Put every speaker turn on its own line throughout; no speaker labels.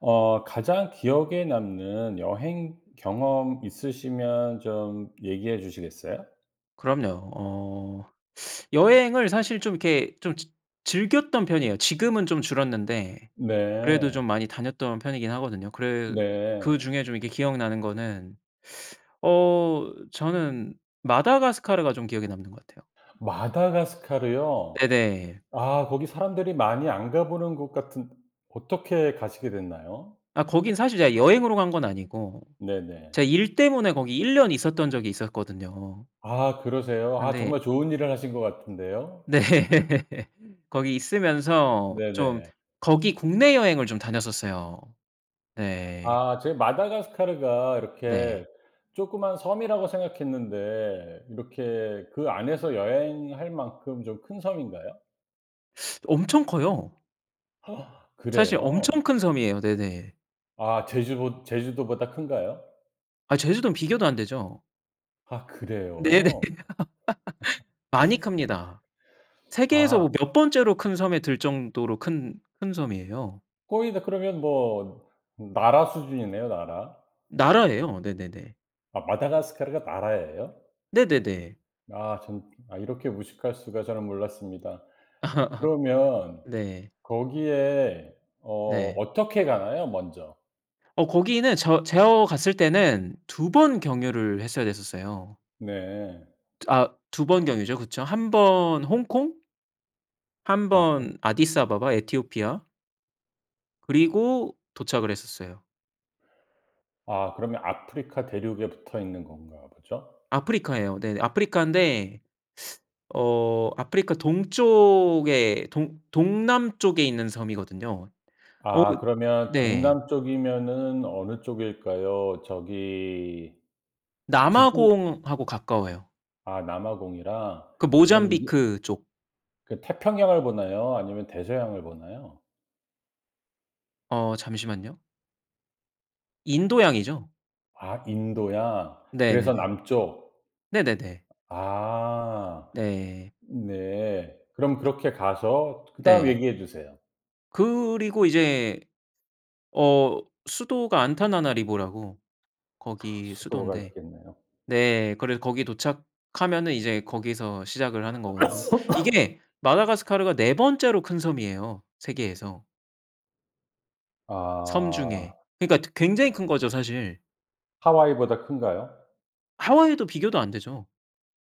어. 가장 기억에 남는 여행 경험 있으시면 좀 얘기해 주시겠어요?
그럼요. 어. 여행을 사실 좀 이렇게 좀 즈 즐겼던 편이에요. 지금은 좀 줄었는데 그래도 좀
네.
많이 다녔던 편이긴 하거든요. 그래
네.
그중에 좀 이렇게 기억나는 거는 어 저는 마다가스카르가 좀 기억에 남는 것 같아요.
마다카스카르요?
네네.
아 거기 사람들이 많이 안 가보는 곳 같은 어떻게 가시게 됐나요?
아 거긴 사실 제가 여행으로 간 건 아니고
네네.
제 일 때문에 거기 1 년 있었던 적이 있었거든요.
아 그러세요. 아
네.
정말 좋은 일을 하신 것 같은데요.
네. 거기 있으면서 좀
네네.
거기 국내 여행을 좀 다녔었어요. 네.
아 제가 마다가스카르가 이렇게
네.
조그만 섬이라고 생각했는데 이렇게 그 안에서 여행할 만큼 좀 큰 섬인가요?
엄청 커요. 사실 엄청
그래요?
큰 섬이에요. 네네.
아 제주보 제주도보다 큰가요?
아 제주도는 비교도 안 되죠.
아
네네.
그래요?
많이 큽니다. 세계에서
아.
뭐 몇 번째로 큰 섬에 들 정도로 큰 큰 섬이에요.
거의 다 그러면 뭐 나라 수준이네요 나라.
나라예요. 네네네.
아 마다가스카르가 나라예요?
네네네.
아 참 아 이렇게 무식할 수가. 저는 몰랐습니다. 그러면
네.
거기에 어
네.
어떻게 가나요 먼저.
어 거기는 저 제어 갔을 때는 2 번 경유를 했어야 됐었어요.
네.
저 아 2 번 경유죠. 그쵸. 1 번 홍콩 1
아하.
번 아디스아바바 에티오피아. 그리고 도착을 했었어요.
아 그러면 아프리카 대륙에 붙어 있는 건가 보죠?
아프리카예요. 네 아프리카인데 어 아프리카 동쪽에 동 동남쪽에 있는 섬이거든요. 어
아 그러면
네.
동남쪽이면 어느 쪽일까요? 저기 지주
남아공 하고 가까워요.
아 남아공이라
그
그럼 이게
모잠비크 쪽.
그 태평양을 보나요 아니면 대서양을 보나요?
어 잠시만요. 인도양이죠.
아 인도양. 그래서
네네네.
남쪽.
네네네.
아
네.
네. 그럼
그쵸.
그렇게 가서 그다음
네.
얘기해 주세요.
그리고 이제 어 수도가 안타나나리보라고
카.
거기
수도가
수도인데
있겠네요.
네 그래서 거기 도착하면은 이제 거기서 시작을 하는 거거든요. 이게 마다가스카르가 4 번째로 큰 섬이에요 세계에서. 섬
아.
중에. 그니까 드 굉장히 큰 거죠 사실.
하와이보다 큰가요?
하와이도 비교도 안 되죠.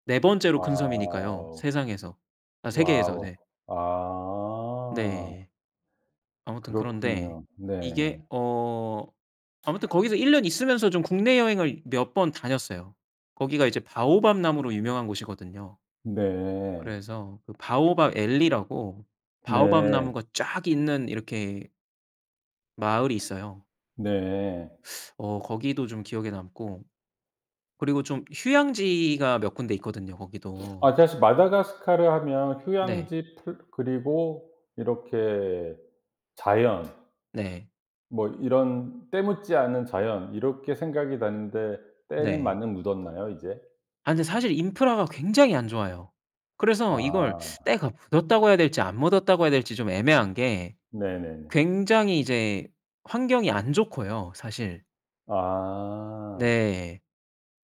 4 번째로 큰 섬이니까요
와우.
세상에서 아 세계에서
와우.
네.
아.
네. 아무튼 그런데
그렇군요. 네.
이게 어 아무튼 거기서 1 년 있으면서 좀 국내 여행을 몇 번 다녔어요. 거기가 이제 바오밥 나무로 유명한 곳이거든요.
네.
그래서 그 바오밥 앨리라고 바오밥
네.
나무가 쫙 있는 이렇게 마을이 있어요.
네.
어 거기도 좀 기억에 남고. 그리고 좀 휴양지가 몇 군데 있거든요 거기도.
아. 그래서 마다가스카르 하면
네.
휴양지 풀 그리고 이렇게 자연
네.
뭐 이런 때 묻지 않은 자연 이렇게 생각이 나는데 때는
네.
많이 묻었나요, 이제?
아 근데 사실 인프라가 굉장히 안 좋아요. 그래서 이걸
아.
때가 묻었다고 해야 될지 안 묻었다고 해야 될지 좀 애매한 게
네네네.
굉장히 이제 환경이 안 좋고요 사실.
아.
네.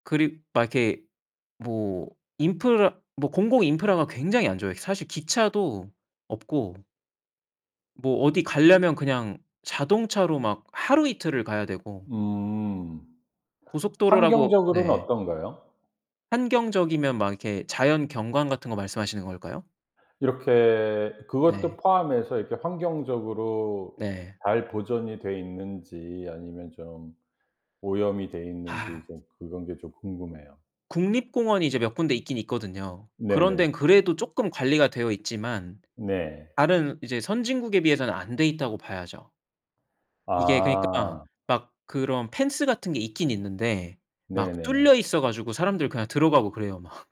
그리 막 이렇게 뭐 인프라 뭐 공공 인프라가 굉장히 안 좋아요. 사실 기차도 없고 뭐 어디 가려면 그냥 자동차로 막 하루 이틀을 가야 되고
음.
고속도로라고
환경적으로는
네.
어떤가요?
환경적이면 막 이렇게 자연 경관 같은 거 말씀하시는 걸까요?
이렇게 그것도
네.
포함해서 이렇게 환경적으로
네.
잘 보존이 돼 있는지 아니면 좀 오염이 돼 있는지
아.
좀 그런 게 좀 궁금해요.
국립공원이 이제 몇 군데 있긴 있거든요. 그런
네네.
데는 그래도 쪼끔 관리가 되어 있지만
네.
다른 이제 선진국에 비해서는 안 돼 있다고 봐야죠. 이게 그니까
아.
막 그런 펜스 같은 게 있긴 있는데 막 뚫려
네네.
있어 가지고 사람들 그냥 들어가고 그래요 막.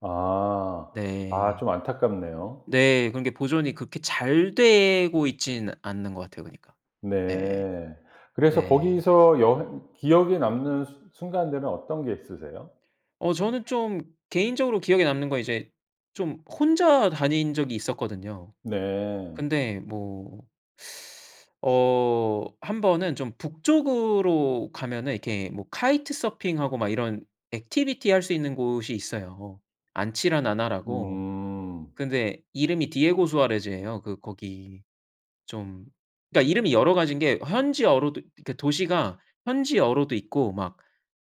아. 아.
네.
좀 안타깝네요.
네. 그런 게 보존이 그렇게 잘 되고 있지는 않는 것 같아요 그니까. 네.
네. 그래서
네.
거기서 여행 기억에 남는 수 순간들은 어떤 게 있으세요?
어. 저는 좀 개인적으로 기억에 남는 건 이제 좀 혼자 다닌 적이 있었거든요.
네.
근데 뭐 어 한번은 좀 북쪽으로 가면은 이렇게 뭐 카이트 서핑하고 막 이런 activity 할 수 있는 곳이 있어요. 안치라나나라고.
음.
근데 이름이 디에고수아레즈예요. 이 거기 좀 그니까 이름이 여러 가지인 게 현지어로도 그니까 도시가 현지어로도 있고 막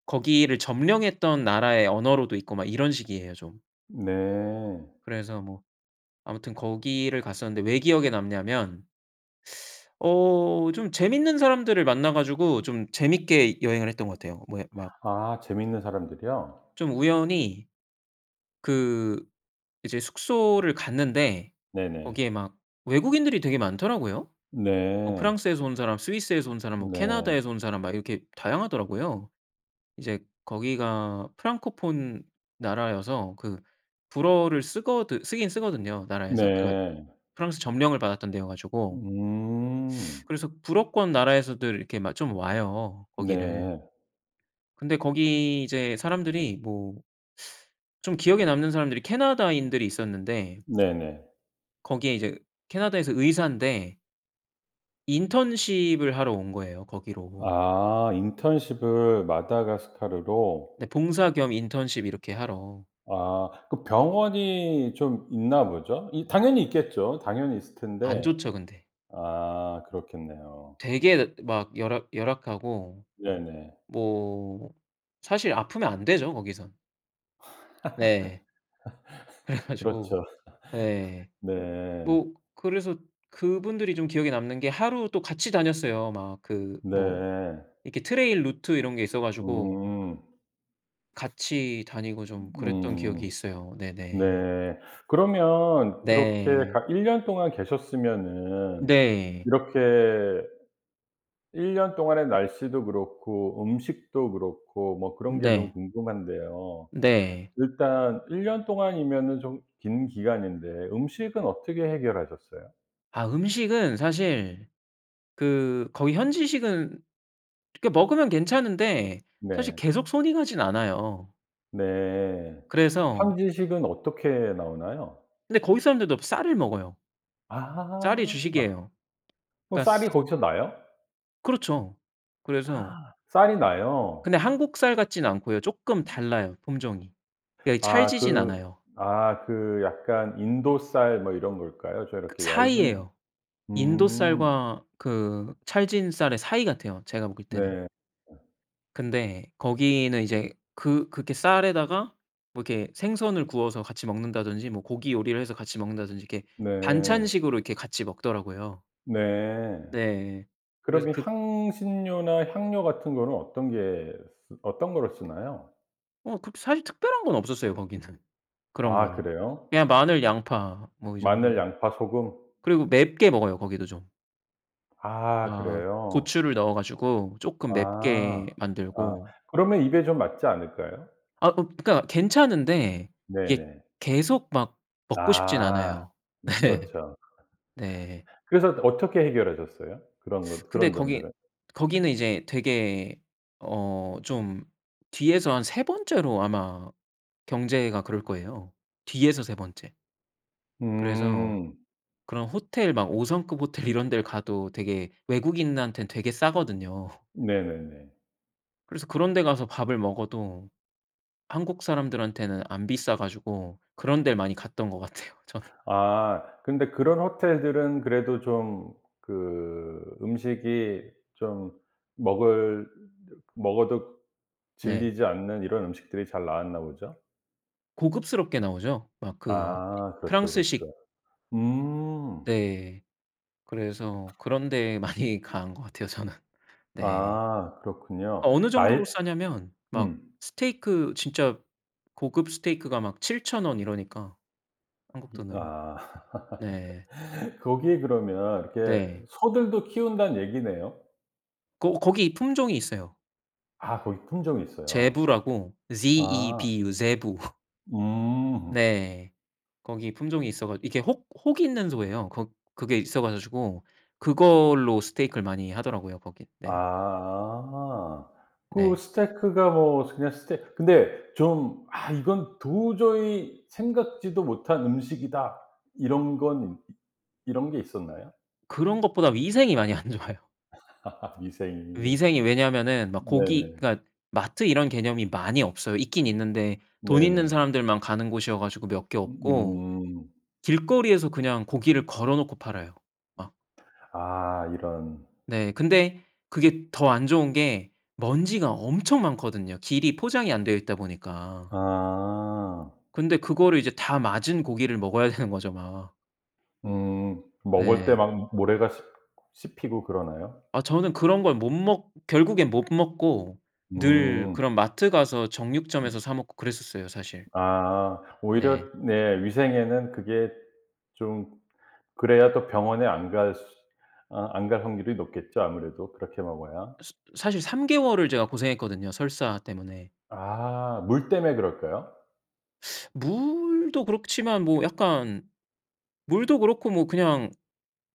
거기를 점령했던 나라의 언어로도 있고 막 이런 식이에요 좀.
네.
그래서 뭐 아무튼 거기를 갔었는데 왜 기억에 남냐면 어 좀 재밌는 사람들을 만나 가지고 좀 재밌게 여행을 했던 것 같아요. 뭐 예 막
아. 재밌는 사람들이요?
좀 우연히 그 이제 숙소를 갔는데
네네.
거기에 막 외국인들이 되게 많더라고요. 어
네.
프랑스에서 온 사람 스위스에서 온 사람 뭐
네.
캐나다에서 온 사람 막 이렇게 다양하더라고요. 이제 거기가 프랑코폰 나라여서 그 불어를 쓰거든 쓰긴 쓰거든요 나라에서. 그러니까
네.
프랑스 점령을 받았던 데여가지고.
음.
그래서 불어권 나라에서들 이렇게 막 좀 와요 거기를.
네.
근데 거기 이제 사람들이 뭐 좀 기억에 남는 사람들이 캐나다인들이 있었는데
네네.
거기에 이제 캐나다에서 의사인데 인턴십을 하러 온 거예요 거기로.
아. 인턴십을 마다가스카르로.
네. 봉사 겸 인턴십을 이렇게 하러.
아 아. 그 병원이 좀 있나 보죠? 이 당연히 있겠죠. 당연히 있을
안
텐데.
좋죠 근데.
아. 그렇겠네요.
되게 막 열악 -열악하고.
네네.
뭐 사실 아프면 안 되죠 거기선. 네. 그래가지고
그렇죠.
예
네.
뭐 그래서 그분들이 좀 기억에 남는 게 하루 또 같이 다녔어요. 막 그 뭐
네.
이렇게 트레일 루트 이런 게 있어 가지고
음.
같이 다니고 좀 그랬던 기억이
음.
있어요. 네네.
네. 그러면 그렇게
네.
가 1 년 동안 계셨으면은
네.
이렇게 1 년 동안의 날씨도 그렇고 음식도 그렇고 뭐 그런 게 좀
네.
궁금한데요.
네.
일단 1 년 동안이면은 좀 긴 기간인데 음식은 어떻게 해결하셨어요?
아 음식은 사실 그 거기 현지식은 그렇게 먹으면 괜찮은데 사실
네.
계속 손이 가지는 않아요.
네.
그래서
현지식은 어떻게 나오나요?
그런데 거기 사람들도 쌀을 먹어요. 쌀이
아.
주식이에요.
어
그러니까
쌀이 거기서 나요?
그렇죠. 그래서
쌀이 나요?
근데 한국 쌀 같지는 않고요. 쪼끔 달라요 품종이. 그러니까
아.
찰지진
그
않아요.
아 그 약간 인도 쌀 뭐 이런 걸까요? 저
그
이렇게 얇은
사이예요. 인도
음.
쌀과 그 찰진 쌀의 사이 같아요 제가 먹을 때는.
네.
근데 거기는 이제 그 그렇게 쌀에다가 뭐 이렇게 생선을 구워서 같이 먹는다든지 뭐 고기 요리를 해서 같이 먹는다든지 이렇게
네.
반찬식으로 이렇게 같이 먹더라고요.
네.
네. 그래서
그러면
그
향신료나 향료 같은 거는 어떤 게 쓰 어떤 걸 쓰나요?
어. 그렇게 사실 특별한 건 없었어요 거기는. 그런
아
거는.
그래요?
그냥 마늘 양파 뭐 이
마늘
정도.
양파 소금?
그리고 맵게 먹어요 거기도 좀.
아.
아.
그래요?
고추를 넣어 가지고 쪼끔 맵게
아. 아.
만들고
그러면 입에 좀 맞지 않을까요?
아. 그 그러니까 괜찮은데 이게
네네.
계속 막 먹고 싶진
아.
않아요.
으
예.
그렇죠.
네.
그래서 어떻게 해결하셨어요? 그런 것
근데
그런
거기
점들은?
거기는 이제 되게 어 좀 뒤에서 한 3 번째로 아마 경제가 그럴 거예요. 뒤에서 3 번째. 그래서
음.
그런 호텔 막 5 성급 호텔 이런 데를 가도 되게 외국인한테는 되게 싸거든요.
네네네.
그래서 그런 데 가서 밥을 먹어도 한국 사람들한테는 안 비싸 가지고 그런 데를 많이 갔던 것 같아요 저는.
아 근데 그런 호텔들은 그래도 좀 그 음식이 좀 먹을 먹어도
네.
질리지 않는 이런 음식들이 잘 나왔나 보죠?
고급스럽게 나오죠. 막 그 이
아 그렇죠
프랑스식.
그렇죠. 음.
네. 그래서 그런 데에 많이 간 것 같아요 저는 네.
아 그렇군요.
어느
나에
정도로 싸냐면 막
음.
스테이크 진짜 고급 스테이크가 막 7000 원 이러니까 한국
이
돈으로.
아.
네.
거기에 그러면 이렇게
네.
소들도 키운다는 얘기네요.
고 고기 품종이 있어요.
아 고기 품종이 있어요.
제부라고
아.
ZEBU 제부.
음.
네. 거기 품종이 있어 가 이렇게 혹 혹있는 소예요. 거 그게 있어 가지고 그걸로 스테이크를 많이 하더라고요 거긴. 네.
아. 그
네.
스테이크가 뭐 그냥 스테 근데 좀 '아 이건 도저히 생각지도 못한 음식이다.' 이런 건 이 이런 게 있었나요?
그런 것보다 위생이 많이 안 좋아요.
위생이.
위생이 왜냐하면은 막 고기
네네.
그니까 마트 이런 개념이 많이 없어요. 있긴 있는데 돈 있는
네네.
사람들만 가는 곳이어 가지고 몇 개 없고
으음.
길거리에서 그냥 고기를 걸어놓고 팔아요. 막.
아 이런.
네. 근데 그게 더 안 좋은 게 먼지가 엄청 많거든요. 길이 포장이 안 되어 있다 보니까.
아.
근데 그거를 이제 다 맞은 고기를 먹어야 되는 거죠 막.
음. 먹을 때
예.
막 모래가 씹 씹히고 그러나요?
어 저는 그런 걸 못 먹 결국엔 못 먹고 늘
음.
그런 마트 가서
음.
정육점에서 사 먹고 그랬었어요 사실.
아
네.
오히려 네 위생에는 그게 좀 그래야 더 병원에 안 갈 수 아 안 갈 확률이 높겠죠 아무래도 그렇게 먹어야.
스 사실 3 개월을 제가 고생했거든요 설사 때문에.
아 물 때문에 그럴까요?
물도 그렇지만 뭐 약간 물도 그렇고 뭐 그냥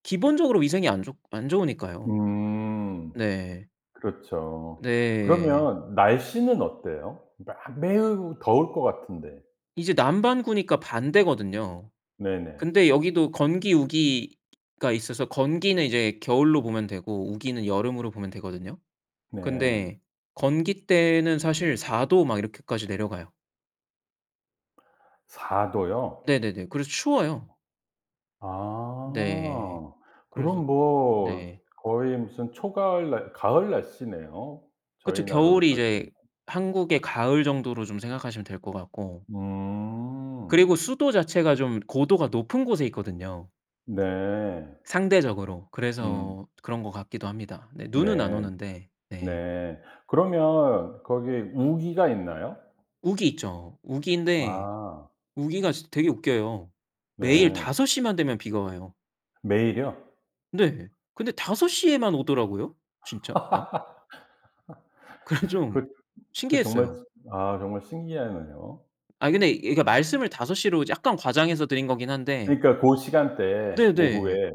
기본적으로 위생이 안 좋 안 좋으니까요.
음.
네.
그렇죠.
네.
그러면 날씨는 어때요? 마 매우 더울 것 같은데.
이제 남반구니까 반대거든요.
네네.
근데 여기도 건기, 우기가 있어서 건기는 이제 겨울로 보면 되고 우기는 여름으로 보면 되거든요.
네.
근데 건기 때는 사실 4 도 막 이렇게까지 내려가요.
4 도요?
네네네. 그래서 추워요.
어.
네.
아.
그래서
그럼 뭐
네.
거의 무슨 초가을 날 가을 날씨네요.
그쵸.
저희나라로
겨울이 이제
따지면.
한국의 가을 정도로 좀 생각하시면 될 것 같고
음.
그리고 수도 자체가 좀 고도가 높은 곳에 있거든요.
네.
상대적으로.
음.
그래서 그런 것 같기도 합니다. 네 눈은 안
네.
오는데 네.
네. 그러면 거기에 우기가 있나요?
우기 있죠. 우기인데
아.
우기가 진 되게 웃겨요. 매일
네.
5 시만 되면 비가 와요.
매일요?
네. 근데 5 시에만 오더라고요 진짜 막. 그래서 좀
그 그 정말
신기했어요.
아 정말 신기하네요.
아 근데 이 말씀을 5 시로 이제 약간 과장해서 드린 거긴 한데
그러니까 고 시간대에
네네.
오후에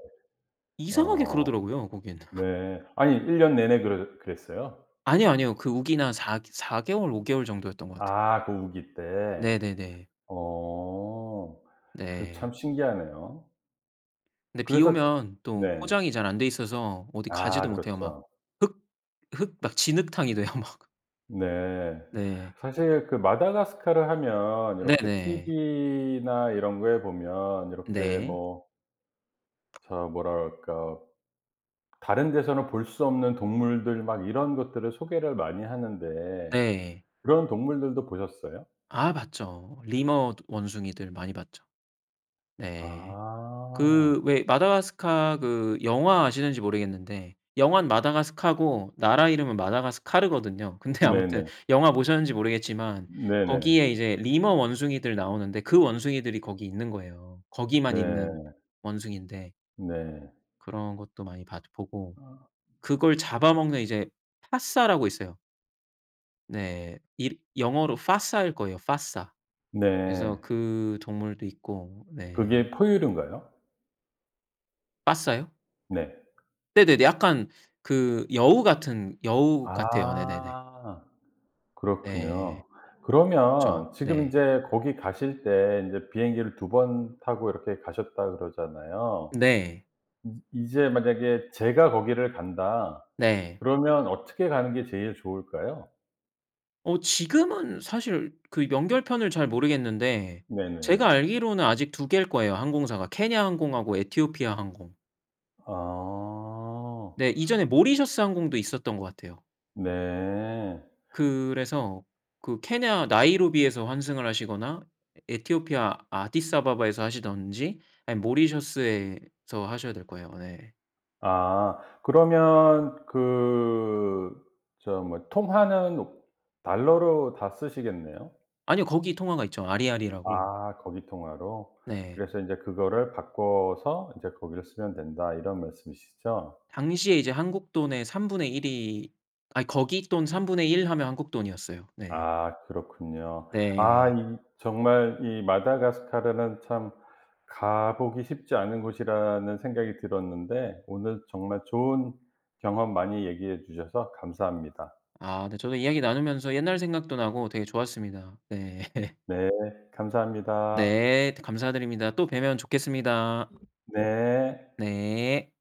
이상하게
어.
그러더라고요 거긴.
네 아니 1 년 내내 그러 그랬어요?
아니요 아니요. 그 우기나 4 개 4 개월 5 개월 정도 였던 것 같아요.
아 그 우기 때.
네네네.
어. 그 참
네.
신기하네요.
네 비
그래서
오면 또
네.
포장이 잘 안 돼 있어서 어디 가지도
아
못해요. 막
그렇죠.
흙 흙 막 진흙탕이 돼요 막.
네.
네.
사실 그 마다가스카르 하면 이렇게
네네.
티브이나 이런 거에 보면 이렇게
네.
뭐 저 뭐라 그럴까. 다른 데서는 볼 수 없는 동물들 막 이런 것들을 소개를 많이 하는데
네.
그런 동물들도 보셨어요?
아 봤죠. 리머 원숭이들 많이 봤죠. 네.
아.
그 왜 마다스카 그 영화 아시는지 모르겠는데 영화는 마다가스카고 나라 이름은 마다가스카르거든요. 근데 아무튼
네네.
영화 보셨는지 모르겠지만
네네.
거기에 이제 리머 원숭이들 나오는데 그 원숭이들이 거기 있는 거예요. 거기만 있는
네.
원숭이인데
네.
그런 것도 많이 봤 보고
아.
그걸 잡아먹는 이제 파사라고 있어요. 네 일 영어로 빠사일 거에요 빠사. 그래서
네.
그 동물도 있고. 네.
그게 포유류인가요?
빠사요?
네.
네네네. 약간 그 여우 같은 여우 같아요. 네네네.
아. 그렇군요.
네. 그쵸.
그러면 지금
네.
인제 "거기 가실 때 인제 비행기를 2 번 타고 이렇게 가셨다."고 그러잖아요.
네.
음 이제 만약에 "제가 거기를 간다."
네.
그러면 어떻게 가는 게 제일 좋을까요?
어 지금은 사실 그 이 연결 편을 잘 모르겠는데 제가
네네네.
알기로는 아직 2 개일 거예요 항공사가. 케냐 항공하고 에티오피아 항공.
아.
네. 이전에 모리셔스 항공도 있었던 것 같아요.
네.
그래서 그 케냐 나이로비에서 환승을 하시거나 에 에티오피아 아디스아바바에서 하시든지 아니면 모리셔스에서 하셔야 될 거예요 네.
아 그러면 그 저 뭐 통화는 달러로 다 쓰시겠네요.
아니요 거기 통화가 있죠. 아리알이라고.
아 거기 통화로.
네.
그래서 인제 "그거를 바꿔서 인제 거기를 쓰면 된다." 이런 말씀 이시죠?
당시에 이제 한국 돈의 1/3 이 아니 거기 돈 1/3 하면 한국 돈이었어요. 네.
아 그렇군요. 아
네.
이 정말 이 마다가스카르는 참 가 보기 쉽지 않은 곳이라는 생각이 들었는데 오늘 정말 좋은 경험 많이 얘기해 주셔서 감사합니다.
아 네. 저도 이야기 나누면서 옛날 생각도 나고 되게 좋았습니다. 네.
다 네. 감사합니다.
네 감사드립니다. 또 뵈면 좋겠습니다.
네.
네.